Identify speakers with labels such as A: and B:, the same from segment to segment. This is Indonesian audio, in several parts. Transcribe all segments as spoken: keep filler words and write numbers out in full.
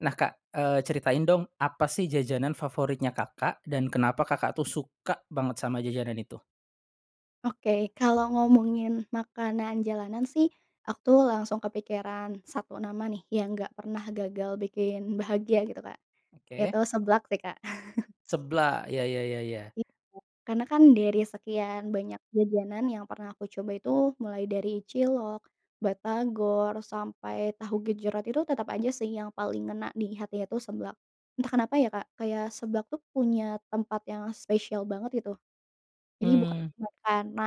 A: Nah Kak, eee, ceritain dong apa sih jajanan favoritnya Kakak dan kenapa Kakak tuh suka banget sama jajanan itu?
B: Oke, kalau ngomongin makanan jalanan sih aku tuh langsung kepikiran satu nama nih, yang nggak pernah gagal bikin bahagia gitu Kak,
A: Oke.
B: itu seblak sih, Kak.
A: Seblak ya ya ya -ya.
B: Iya. Karena kan dari sekian banyak jajanan yang pernah aku coba itu mulai dari cilok, batagor, sampai tahu gejrot itu tetap aja sih yang paling ngena di hatinya itu seblak. Entah kenapa ya Kak, kayak seblak tuh punya tempat yang spesial banget gitu. Jadi bukan
A: Hmm.
B: karena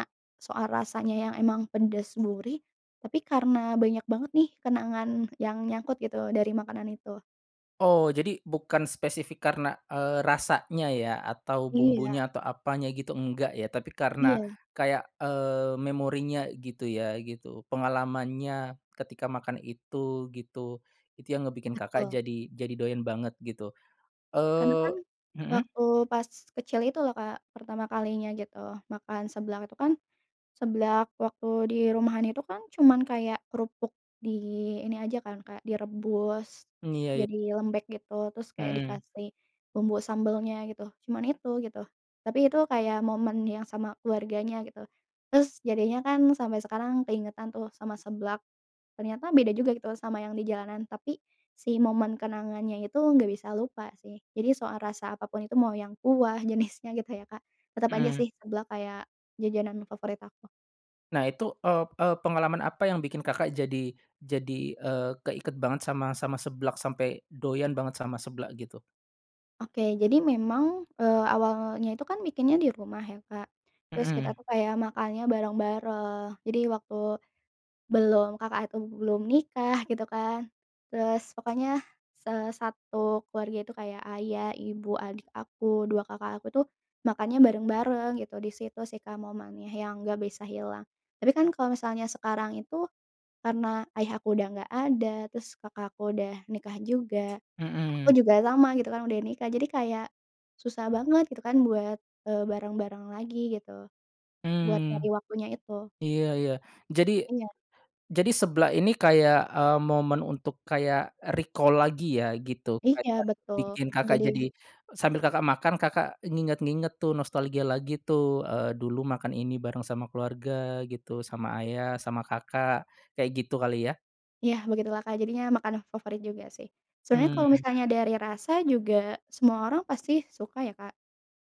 B: soal rasanya yang emang pedes gurih, tapi karena banyak banget nih kenangan yang nyangkut gitu dari makanan itu.
A: Oh jadi bukan spesifik karena, eee, rasanya ya atau
B: Iya.
A: bumbunya atau apanya gitu enggak ya, tapi karena
B: Iya.
A: kayak, eee, memorinya gitu ya gitu pengalamannya ketika makan itu, gitu. Itu yang ngebikin Kakak
B: Betul.
A: jadi jadi doyan banget gitu.
B: Karena kan
A: Eee mhm.
B: waktu pas kecil itu loh Kak, pertama kalinya gitu makan seblak itu kan, seblak waktu di rumahan itu kan cuma kayak kerupuk di ini aja kan kayak direbus,
A: Mmm,
B: terus
A: iya ya.
B: jadi lembek gitu terus kayak
A: Mmm.
B: dikasih bumbu sambalnya gitu, cuman itu gitu. Tapi itu kayak momen yang sama keluarganya gitu. Terus jadinya kan sampai sekarang keingetan tuh sama seblak, ternyata beda juga gitu loh sama yang di jalanan tapi si momen kenangannya itu nggak bisa lupa sih. Jadi soal rasa apa pun itu, mau yang kuah jenisnya gitu ya Kak, tetep aja
A: Mmm.
B: sih seblak kayak jajanan favorit aku.
A: Nah itu, eee eee, pengalaman apa yang bikin Kakak jadi jadi, eee, keiket banget sama sama seblak sampai doyan banget sama seblak gitu?
B: Oke, jadi memang, eee, awalnya itu kan bikinnya di rumah ya Kak, terus kita
A: Mhm.
B: tuh kayak makannya bareng-bareng. Jadi waktu, belum, kakak tuh belum nikah gitu kan, terus pokoknya se satu keluarga itu kayak ayah, ibu, adik aku, dua kakak aku tuh makannya bareng-bareng gitu di situ sih Kak momennya yang nggak bisa hilang. Tapi kan kalau misalnya sekarang itu, karena ayah aku udah nggak ada, terus kakak aku udah nikah juga, aku
A: Mhm.
B: juga sama gitu kan udah nikah, jadi kayak susah banget gitu kan buat, eee, bareng-bareng lagi gitu, buat nyari
A: Hmm.
B: waktunya itu.
A: Iya iya. Jadi
B: Iya.
A: jadi seblak ini kayak, eee, momen untuk kayak recall lagi ya gitu,
B: Iya
A: kayak
B: betul.
A: bikin Kakak jadi
B: Jadinya
A: sambil Kakak makan, Kakak nginget-nginget tuh nostalgia lagi tuh, eee, dulu makan ini bareng sama keluarga gitu, sama ayah, sama kakak, kayak gitu kali ya?
B: Yah begitulah Kak. Jadinya makanan favorit juga sih. Sebenarnya kalau
A: Hmm.
B: misalnya dari rasa juga semua orang pasti suka ya Kak,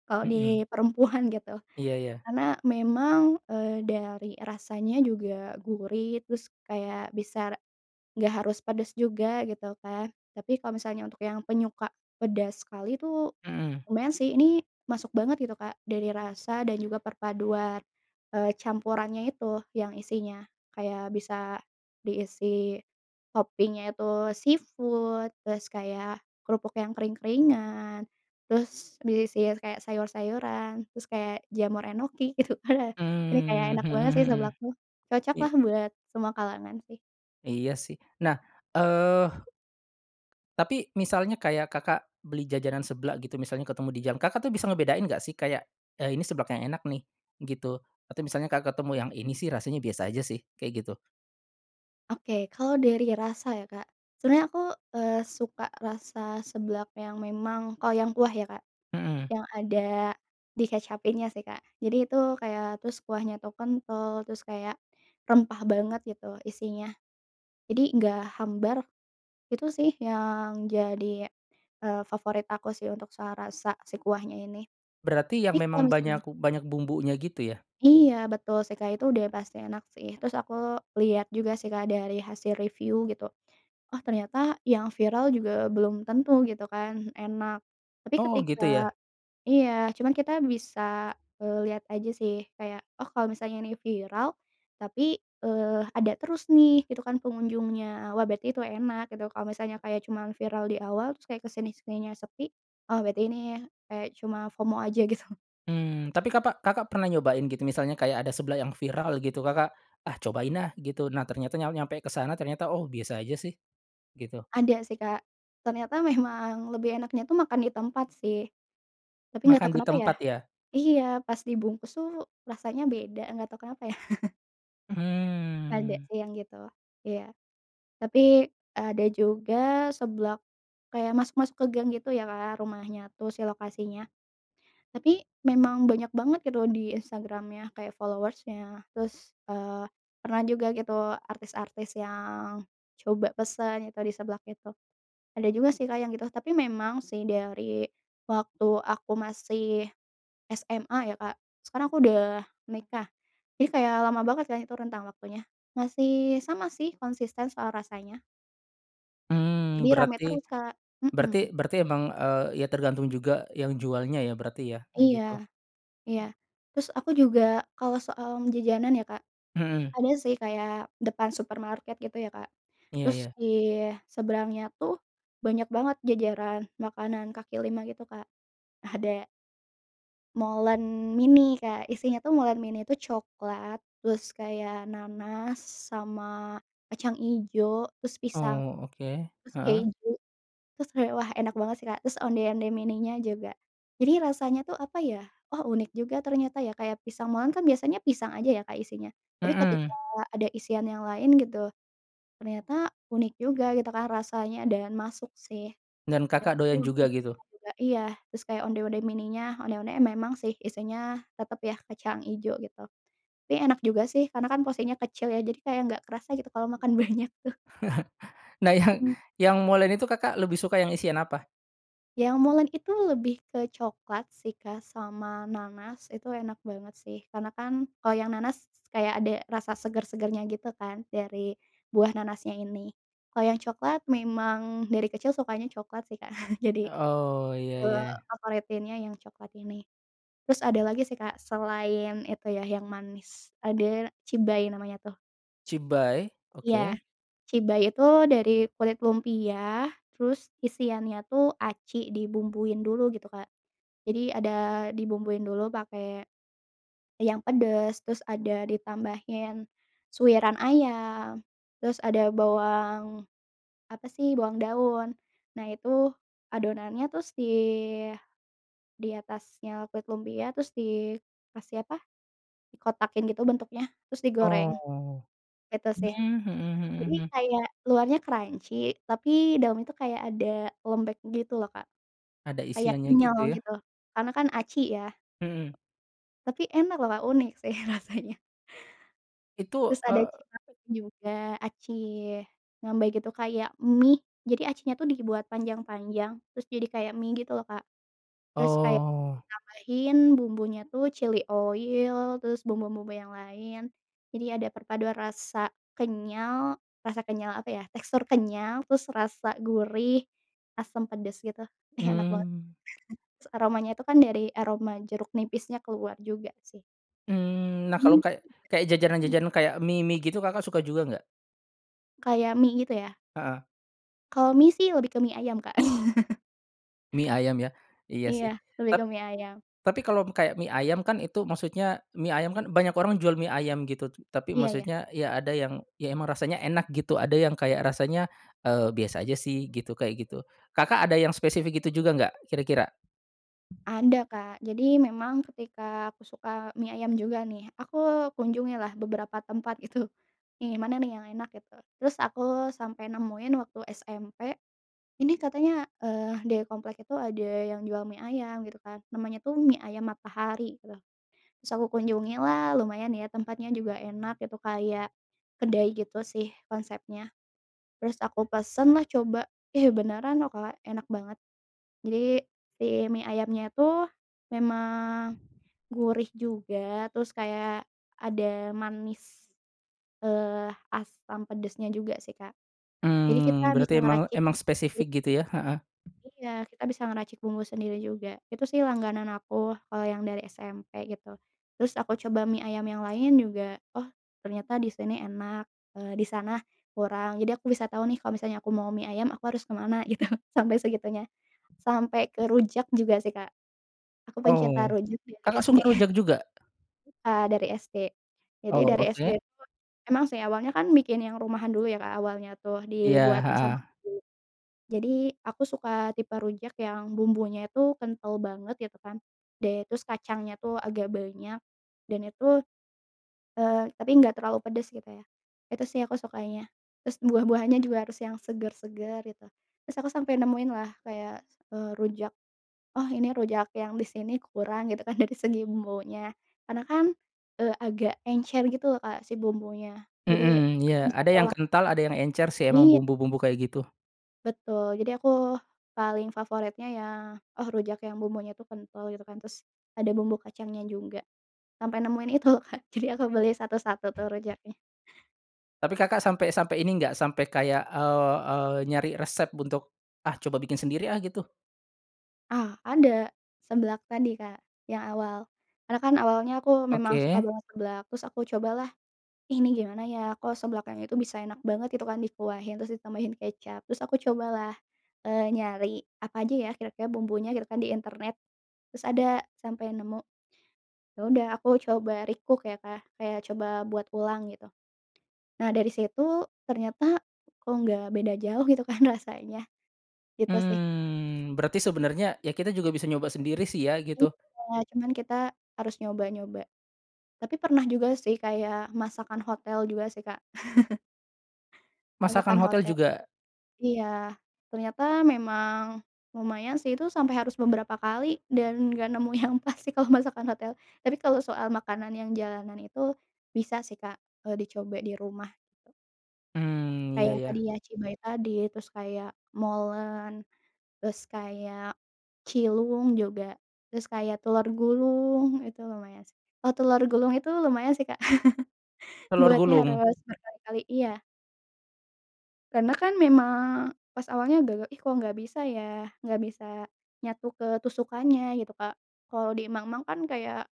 B: kalau
A: Mhm.
B: di perempuan gitu.
A: Iya, ya.
B: Karena memang, eee, dari rasanya juga gurih, terus kayak bisa nggak harus pedas juga gitu Kak, tapi kalau misalnya untuk yang penyuka pedas sekali tuh,
A: Mhm.
B: lumayan sih ini masuk banget gitu Kak, dari rasa dan juga perpaduan, eee, campurannya itu yang isinya, kayak bisa diisi topping-nya itu seafood terus kayak kerupuk yang kering-keringan, terus diisi kayak sayur-sayuran, terus kayak jamur enoki gitu kan ya. Ini kayak
A: Mmm,
B: enak
A: mhm
B: banget sih seblak
A: mhm.
B: tuh,
A: Iya.
B: cocoklah buat semua kalangan sih.
A: Iya sih, nah, eee Tapi misalnya kayak Kakak beli jajanan seblak gitu, misalnya ketemu di jalan, Kakak tuh bisa ngebedain nggak sih kayak, eee, ini seblak yang enak nih gitu, atau misalnya Kakak ketemu yang ini sih rasanya biasa aja sih, kayak gitu?
B: Oke, kalau dari rasa ya Kak, sebenernya aku, eee, suka rasa seblak yang memang, kalo yang kuah ya Kak,
A: Mhm.
B: yang ada dikecapinnya sih Kak. Jadi itu kayak terus kuahnya tuh kental, terus kayak rempah banget gitu isinya. Jadi nggak hambar, itu sih yang jadi, eee, favorit aku sih, untuk soal rasa si kuahnya ini.
A: Berarti yang
B: Tapi kalau
A: memang banyak
B: misalnya
A: banyak bumbunya gitu ya?
B: Iya betul sih Kak, itu udah pasti enak sih. Terus aku lihat juga sih Kak dari hasil review gitu, "oh ternyata yang viral juga belum tentu," gitu kan, enak, tapi
A: Oh
B: ketika
A: gitu ya?
B: iya cuman kita bisa, eee, lihat aja sih kayak oh kalau misalnya ini viral, tapi, eee, ada terus nih, itu kan pengunjungnya, wah berarti itu enak gitu. Kalau misalnya kayak cuma viral di awal terus kayak kesini-sininya sepi, wah berarti ini kayak cuma FOMO aja gitu.
A: Hmm. Tapi kapak Kakak pernah nyobain gitu misalnya kayak ada seblak yang viral gitu Kakak, "Ah cobain ah," gitu, nah ternyata nya nyampe ke sana ternyata, "Oh biasa aja sih," gitu?
B: Ada sih Kak. Ternyata memang lebih enaknya tuh makan di tempat sih, tapi nggak tau
A: Makan di
B: kenapa ya?
A: tempat ya?
B: Iya pas dibungkus tuh rasanya beda nggak tau kenapa ya? Ada
A: Hmm.
B: sih yang gitu. Iya. Tapi ada juga seblak kayak masuk-masuk ke gang gitu ya Kak rumahnya tuh si lokasinya, tapi memang banyak banget gitu di Instagram-nya kayak followers-nya terus, eee, pernah juga gitu artis-artis yang coba pesan yang tadi seblak itu, ada juga sih Kak yang gitu. Tapi memang sih, dari waktu aku masih SMA ya Kak, sekarang aku udah nikah, jadi kayak lama banget kan itu rentang waktunya, masih sama sih konsisten soal rasanya.
A: Hmm,
B: Jadi rame
A: berarti
B: terus Kak.
A: berarti
B: Mhm.
A: berarti emang, eee, ya tergantung juga yang jualnya ya berarti ya kayak
B: Iya,
A: gitu?
B: iya. Terus aku juga kalau soal jajanan ya Kak,
A: Mhm.
B: ada sih kayak depan supermarket gitu ya Kak,
A: Iya
B: terus
A: iya.
B: di seberangnya tuh banyak banget jajaran makanan kaki lima gitu Kak. Ada molen mini Kak, isinya tuh molen mini itu coklat, terus kayak nanas sama kacang ijo, terus pisang,
A: Oh, oke,
B: terus
A: heeh.
B: keju. Terus kayak wah enak banget sih Kak. Terus onde-onde mininya juga. Jadi rasanya tuh apa ya, oh unik juga ternyata ya kayak pisang molen kan biasanya pisang aja ya Kak isinya? Tapi ketika
A: Mhm.
B: ada isian yang lain gitu, ternyata unik juga gitu kan rasanya dan masuk sih.
A: Dan
B: Kayak
A: Kakak
B: gitu
A: doyan
B: aku
A: juga gitu?
B: suka juga iya. Terus kayak onde-onde mini, onde-onde memang sih isinya tetap ya kecang ijo gitu. Tapi enak juga sih karena kan porsinya kecil ya jadi kayak nggak kerasa gitu kalau makan banyak tuh.
A: Nah yang
B: Hmm.
A: yang molen itu Kakak lebih suka yang isian apa?
B: Yang molen itu lebih ke coklat sih Kak, sama nanas itu enak banget sih karena kan kalau yang nanas kayak ada rasa segar-segarnya gitu kan dari buah nanasnya ini. Kalau yang coklat, memang dari kecil sukanya coklat sih Kak, jadi,
A: Oh iya
B: eee,
A: iya.
B: favoritinnya yang coklat ini. Terus ada lagi sih Kak selain itu ya yang manis, ada cibay namanya tuh.
A: Cibay?
B: Iya,
A: Oke.
B: cibay itu dari kulit lumpia terus isiannya tuh aci dibumbuin dulu gitu Kak. Jadi ada dibumbuin dulu pakai yang pedes, terus ada ditambahin suwiran ayam, terus ada bawang apa sih, bawang daun, nah itu adonannya terus di di atasnya kulit lumpia terus dikasih apa, kotakin gitu bentuknya terus digoreng.
A: Oh.
B: Gitu
A: Mmm,
B: sih.
A: mhm
B: Jadi
A: mhm, hmm.
B: kayak luarnya crunchy tapi dalamnya itu kayak ada lembek gitu loh Kak,
A: Ada
B: kayak
A: isiannya
B: kenyal
A: gitu ya?
B: gitu karena kan aci ya.
A: Mhm.
B: Tapi enak loh Kak. Unik sih rasanya.
A: Itu
B: Terus ada
A: eee
B: cirambay juga, aci rambay gitu kayak mie, jadi aci nya tuh dibuat panjang-panjang, terus jadi kayak mie gitu loh Kak. Terus kayak
A: Oh.
B: ditambahin bumbunya tuh chili oil, terus bumbu-bumbu yang lain, jadi ada perpaduan rasa kenyal, rasa kenyal apa ya? Tekstur kenyal, terus rasa gurih, asam, pedes gitu. Ih enak banget,
A: Mmm.
B: terus aromanya itu kan, dari aroma jeruk nipisnya keluar juga sih.
A: Hmm. Nah kalau kayak kayak
B: [unintelligible]
A: jajanan-jajanan kayak mie-mie gitu Kakak suka juga nggak?
B: Kayak mie gitu ya?
A: Heeh.
B: Kalau mie sih lebih ke mie ayam Kak.
A: Mie ayam ya? Iya
B: Iya
A: sih.
B: lebih ke
A: Tap
B: mie ayam.
A: tapi kalau kayak mie ayam kan, itu maksudnya mie ayam kan banyak orang jual mie ayam gitu tapi
B: Iya iya.
A: maksudnya ya ada yang ya emang rasanya enak gitu, ada yang kayak rasanya, eee, biasa aja sih gitu kayak gitu. Kakak ada yang spesifik itu juga nggak kira-kira?
B: Ada Kak. Jadi memang ketika aku suka mie ayam juga nih, aku kunjungi lah beberapa tempat itu. Yang mana nih yang enak gitu, terus aku sampai nemuin waktu SMP, ini katanya, eee, dari komplek itu ada yang jual mie ayam gitu kan, namanya tuh Mie Ayam Matahari gitu. Terus aku kunjungi lah lumayan ya tempatnya juga enak gitu, kayak kedai gitu sih konsepnya, terus aku pesen lah coba, ih beneran loh Kak, enak banget. Jadi si mie ayamnya itu memang gurih juga, terus kayak ada manis, eee, asam pedasnya juga sih Kak. Jadi,
A: Hmm,
B: kita bisa
A: berarti emang
B: ngeracik
A: emang
B: [unintelligible]
A: spesifik gitu ya? Heeh.
B: Iya, kita bisa ngeracik bumbu sendiri juga. Itu sih langganan aku kalau yang dari SMP gitu. Terus aku coba mie ayam yang lain juga oh ternyata di sini enak, eee, di sana kurang. Jadi aku bisa tau nih kalau misalnya aku mau mie ayam aku harus ke mana gitu, sampai segitunya. Sampai ke rujak juga sih Kak. Aku pencinta
A: Oh
B: rujak dari
A: Kakak
B: SD.
A: suka rujak juga?
B: Ya dari SD. Jadi
A: Oh
B: dari SD
A: oke.
B: itu emang sih awalnya kan bikin yang rumahan dulu ya Kak awalnya tuh
A: Iya,
B: dibuatin sama
A: heeh.
B: ibu. Jadi aku suka tipe rujak yang bumbunya itu kental banget gitu kan, dan terus kacangnya tuh agak banyak, dan itu, eee, tapi nggak terlalu pedes gitu ya, itu sih aku sukanya. Terus buah-buahannya juga harus yang seger-seger gitu, terus aku sampai nemuin lah kayak, eee, rujak, "Oh ini rujak yang di sini kurang," gitu kan, dari segi bumbunya. Karena kan, eee, agak encer gitu loh Kak si bumbunya. Jadi
A: Mhm. Iya
B: aku bisa
A: ada
B: tau
A: yang
B: lah.
A: kental ada yang encer sih emang
B: Iya.
A: bumbu-bumbu kayak gitu.
B: Betul, jadi aku paling favoritnya ya, oh rujak yang bumbunya itu kental gitu kan, terus ada bumbu kacangnya juga. Sampai nemuin itu loh Kak, jadi aku beli satu-satu tuh rujaknya.
A: Tapi Kakak sampai sampai ini enggak? Sampai kayak, eee eee, nyari resep untuk, "Ah coba bikin sendiri ah," gitu?
B: Ah ada, seblak tadi Kak yang awal. Karena kan awalnya aku memang suka
A: Oke.
B: banget seblak, terus aku cobalah "Ih ini gimana ya kok seblak yang itu bisa enak banget gitu kan dikuahin terus ditambahin kecap," terus aku cobalah, eee, nyari apa aja ya kira-kira bumbunya gitu kan di internet. Terus ada, sampai nemu, ya udah aku coba recook ya Kak. Kayak coba buat ulang gitu. Nah dari situ ternyata kok nggak beda jauh gitu kan rasanya, gitu sih.
A: Hmm. Berarti sebenarnya ya kita juga bisa nyoba sendiri sih ya gitu?
B: Iya, cuman kita harus nyoba-nyoba. Tapi pernah juga sih kayak masakan hotel juga sih Kak. Masakan
A: Masakan hotel
B: hotel.
A: juga?
B: Iya. Ternyata memang lumayan sih itu sampai harus beberapa kali dan nggak nemu yang pas sih kalau masakan hotel. Tapi kalau soal makanan yang jalanan itu bisa sih Kak, eee, dicoba di rumah.
A: Hmm, iya,
B: Kayak tadi
A: ya.
B: ya cibay tadi, terus kayak molen, terus kayak cilung juga, terus kayak telur gulung itu lumayan sih. Eh telur gulung itu lumayan sih Kak,
A: Telur
B: buatnya
A: gulung?
B: harus berkali-kali iya. Karena kan memang pas awalnya gagal, "ih kok nggak bisa ya?" Nggak bisa nyatu ke tusukannya gitu Kak, kalo di mang-mang kan kayak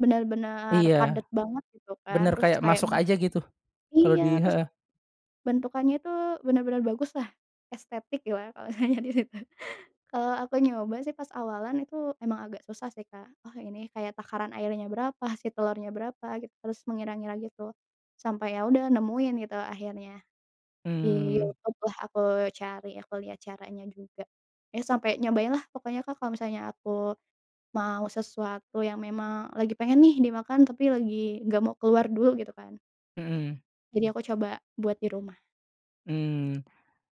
B: bener-bener
A: Iya,
B: padat banget gitu kan,
A: bener
B: terus
A: kayak
B: kayak
A: masuk aja gitu. Kalau di
B: iya, tus
A: heeh.
B: bentukannya itu bener-bener baguslah, estetik gimana kalau misalnya di situ. Kalau aku nyoba sih pas awalan itu emang agak susah sih Kak, oh ini kayak takaran airnya berapa, si telurnya berapa gitu, terus mengira-ngira gitu. Sampai ya udah nemuin gitu akhirnya di
A: Hmm.
B: YouTube-lah, aku cari aku lihat caranya juga. Ya sampai nyobainlah, pokoknya Kak kalau misalnya aku mau sesuatu yang memang lagi pengen nih dimakan, tapi lagi nggak mau keluar dulu gitu kan
A: Mhm.
B: jadi aku coba buat di rumah.
A: Hmm.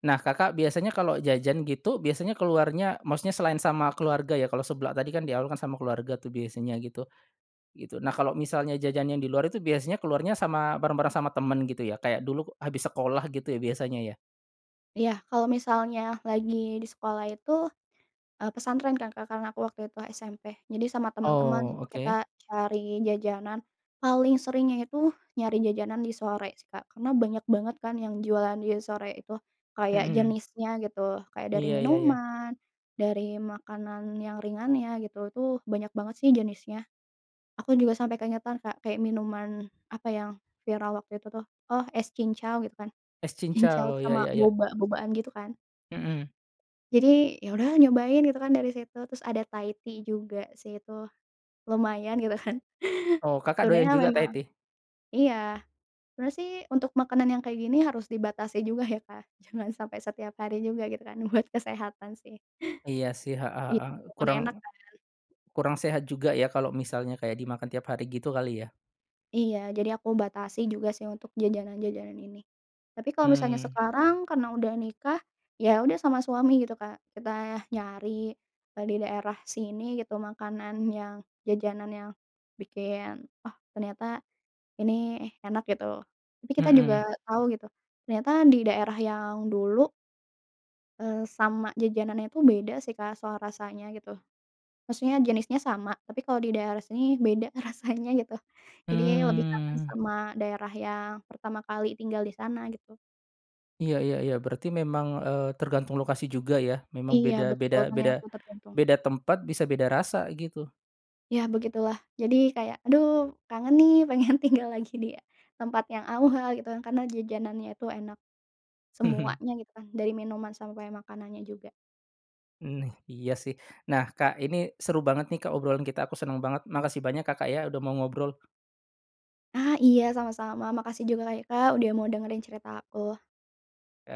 A: Nah Kakak biasanya kalau jajan gitu biasanya keluarnya maksudnya selain sama keluarga ya, kalau seblak tadi kan di awal kan sama keluarga tuh biasanya gitu, gitu. Nah kalau misalnya jajan yang di luar itu biasanya keluarnya sama bareng-bareng sama temen gitu ya kayak dulu habis sekolah gitu ya biasanya ya?
B: Iya kalau misalnya lagi di sekolah itu, eee, pesantren kan Kak karena aku waktu itu SMP, jadi sama teman-teman
A: Oh
B: kita
A: oke.
B: cari jajanan, paling seringnya itu nyari jajanan di sore sih Kak. Karena banyak banget kan yang jualan di sore itu. Kayak
A: Mhm.
B: jenisnya gitu, kayak dari
A: Iya iya iya.
B: minuman, dari makanan yang ringannya gitu, itu banyak banget sih jenisnya. Aku juga sampai keingetan Kak kayak minuman apa yang viral waktu itu tuh, oh es cincau gitu kan,
A: Es
B: cincau
A: cincau? Ya
B: sama
A: ya ya.
B: boba-bobaan gitu kan.
A: Mhm.
B: Jadi ya udahlah nyobain gitu kan dari situ, terus ada Thai tea juga sih itu, lumayan gitu kan.
A: Oh Kakak doyan
B: Sebenernya
A: juga Thai
B: memang
A: tea?
B: iya, sebenernya sih untuk makanan yang kayak gini harus dibatasi juga ya Kak, jangan sampai setiap hari juga gitu kan buat kesehatan sih.
A: Iya sih. Heeh
B: Iya,
A: heeh.
B: walaupun
A: Kurang
B: enak kan.
A: kurang sehat juga ya kalau misalnya kayak dimakan tiap hari gitu kali ya?
B: Iya, jadi aku batasi juga sih untuk jajanan-jajanan ini. Tapi kalau misalnya
A: Hmm.
B: sekarang karena udah nikah, ya udah sama suami gitu Kak kita nyari, eee, di daerah sini gitu makanan yang, jajanan yang bikin, "Oh ternyata ini enak," gitu, tapi kita juga
A: Mhm.
B: tau gitu, ternyata di daerah yang dulu eee, sama jajanannya itu beda sih Kak soal rasanya gitu. Maksudnya jenisnya sama, tapi kalau di daerah sini beda rasanya gitu. Jadi lebih aman
A: Mmm.
B: sama daerah yang pertama kali tinggal di sana gitu.
A: Iya iya iya, berarti memang, eee, tergantung lokasi juga ya? Memang
B: Iya,
A: beda beda
B: betul.
A: beda
B: Ternyata tergantung.
A: beda tempat bisa beda rasa gitu.
B: Ya begitulah. Jadi kayak, aduh, kangen nih pengen tinggal lagi di tempat yang awal gitu karena jajanannya itu enak
A: Mhm.
B: semuanya gitu kan, dari minuman sampai makanannya juga.
A: Neh, iya sih. Nah Kak ini seru banget nih Kak obrolan kita, aku seneng banget. Makasih banyak Kakak ya udah mau ngobrol.
B: Ah iya, sama-sama, makasih juga ka ya Kak udah mau dengerin cerita aku.
A: Ya.